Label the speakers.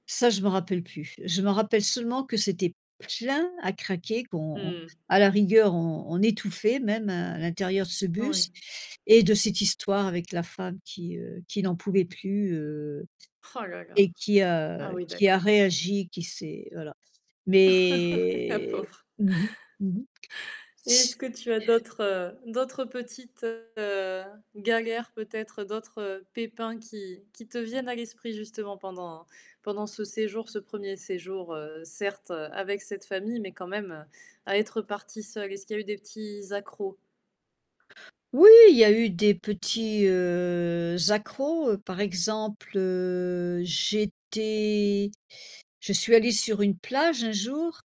Speaker 1: Ça, je m'en rappelle plus. Je me rappelle seulement, que c'était plein à craquer, qu'on on
Speaker 2: Mmh.
Speaker 1: à la rigueur, on on étouffait même, heu, à l'intérieur de ce bus
Speaker 2: Oui.
Speaker 1: et de cette histoire avec la femme qui, heu, qui n'en pouvait plus, heu
Speaker 2: Oh là là.
Speaker 1: et qui,
Speaker 2: Ah
Speaker 1: heu,
Speaker 2: oui,
Speaker 1: qui a
Speaker 2: d'accord.
Speaker 1: réagi, qui s'est voilà.
Speaker 2: La
Speaker 1: Mais,
Speaker 2: pauvre.
Speaker 1: mmh mh. Mmh mh.
Speaker 2: Et est-ce
Speaker 1: C
Speaker 2: que tu as d'autres, heu, d'autres petites, heu, galères peut-être, d'autres pépins qui qui te viennent à l'esprit justement pendant pendant ce séjour, ce 1er séjour, heu, certes, avec cette famille, mais quand même, à être partie seule? Est-ce qu'il y a eu des petits accros?
Speaker 1: Oui, il y a eu des petits, heu, accrocs. Par exemple, heu, j'étais je suis allée sur une plage, un jour